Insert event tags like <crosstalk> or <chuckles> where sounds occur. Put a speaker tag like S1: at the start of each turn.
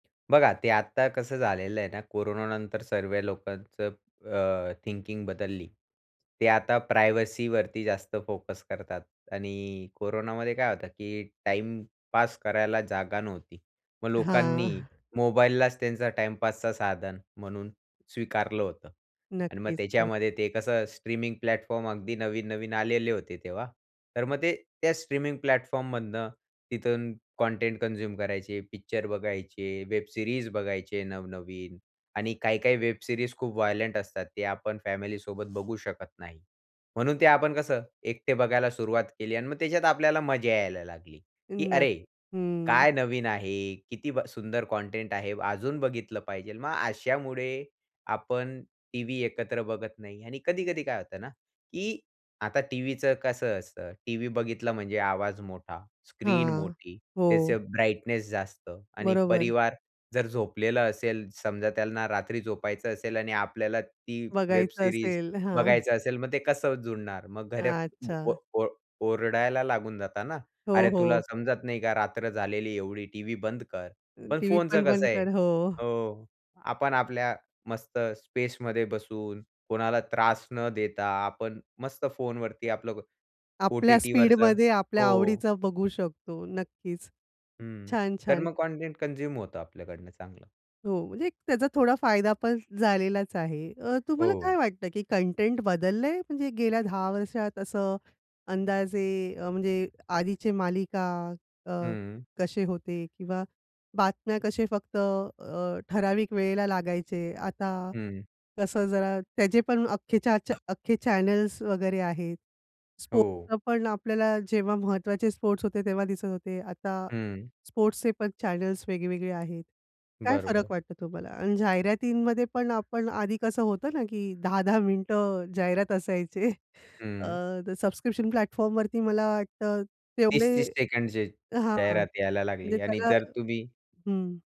S1: बघा ते आता कसं झालेलं आहे ना, कोरोनानंतर सर्व लोकांचं अ, थिंकिंग बदलली. ते आता प्रायव्हसीवरती जास्त फोकस करतात. आणि कोरोनामध्ये काय होतं की टाईमपास करायला जागा नव्हती. मग
S2: हां.
S1: लोकांनी
S2: <chuckles>
S1: मोबाईललाच त्यांचा टाईमपासचा साधन म्हणून स्वीकारलं होतं. आणि मग
S2: नक्कीच, नक्कीच.
S1: त्याच्यामध्ये ते कसं स्ट्रीमिंग प्लॅटफॉर्म अगदी नवीन-नवीन आलेले होते तेव्हा, तर मग ते त्या स्ट्रीमिंग प्लॅटफॉर्म मधून तिथून कंटेंट कन्झ्युम करायचे, पिक्चर बघायचे, वेब सीरीज बघायचे नवनवीन. आणि काही-काही वेब सीरीज खूप वायलेंट असतात ते आपण फॅमिली सोबत बघू शकत नाही. म्हणून ते आपण कसं एकटे बघायला सुरुवात केली अन् मग त्याच्यात आपल्याला मजा यायला लागली की
S2: नक
S1: "अरे,
S2: हं.
S1: काय नवीन आहे, किती ब सुंदर कंटेंट आहे. अजून बघितलं पाहिजेल." मग अशामुळे आपण टीव्ही एकत्र बघत नाही आणि कधी-कधी काय होतं ना, की आता टीव्हीचं कसं असतं. टीव्ही बघितलं म्हणजे आवाज मोठा, स्क्रीन
S2: हां.
S1: मोठी,
S2: हो.
S1: त्याचं ब्राइटनेस जास्त आणि
S2: बरोबर.
S1: परिवार जर झोपलेला असेल, समजा त्यांना रात्री झोपायचं असेल आणि आपल्याला ती वेब
S2: बघायचं
S1: सीरीज
S2: असेल. हां. <chuckles>
S1: बघायचं असेल, मग ते कसं जुळणार? मग घरात ओ
S2: अच्छा.
S1: ओ ओरडायला लागून जाता ना.
S2: हो,
S1: "अरे तुला
S2: हो.
S1: समजत नाही का? रात्र झालेली एवढी टीव्ही बंद कर." पण
S2: टीव्ही
S1: फोनचं
S2: पण
S1: कसं
S2: बंद
S1: आहे
S2: कर. हो.
S1: हो, आपण आपल्या मस्त स्पेसमध्ये बसून कोणाला त्रास न देता आपण मस्त फोनवरती आपलं को
S2: आपल्या
S1: ओ-टी-टीवरचं
S2: स्पीडमध्ये आपल्या
S1: हो.
S2: आवडीचा बघू शकतो. नक्कीच.
S1: हं.
S2: छान,
S1: तर
S2: छान.
S1: मग कंटेंट कन्झ्युम होतं आपल्याकडनं चांगलं.
S2: हो. म्हणजे एक त्याचा थोडा फायदा पण झालेलाच आहे. अ, तुम्हाला काय
S1: हो.
S2: वाटतं की कंटेंट बदललंय? म्हणजे गेल्या 10 वर्षात असं? अंदाजे अ, म्हणजे आधीचे मालिका अ,
S1: हं.
S2: कसे होते किंवा बातम्या कसे फक्त अ, ठराविक वेळेला लागायचे. आता
S1: हं.
S2: कसं जरा त्याचे पण अख्खेच्या च्या
S1: <coughs>
S2: अख्खे चॅनल्स वगैरे आहेत.
S1: हो.
S2: स्पोर्ट्स पण आपल्याला जेव्हा महत्त्वाचे स्पोर्ट्स होते तेव्हा दिसत होते. आता
S1: हं.
S2: स्पोर्ट्सचे पण चॅनल्स वेगळे-वेगळे आहेत. काय फरक
S1: बरोबर.
S2: वाटतो तुम्हाला? अन् जाहिरातींमध्ये पण आपण आधी कसं होतं ना की 10-10 मिनिटं जाहिरात असायचे. <chuckles> अ,
S1: हं.
S2: तर सबस्क्रिप्शन प्लॅटफॉर्मवरती मला वाटतं तेवढे
S1: 30-30 सेकंडचे
S2: हां.
S1: जाहिरात यायला
S2: म्हणजे
S1: लागली आणि
S2: त्याला
S1: जर तुम्ही
S2: हं.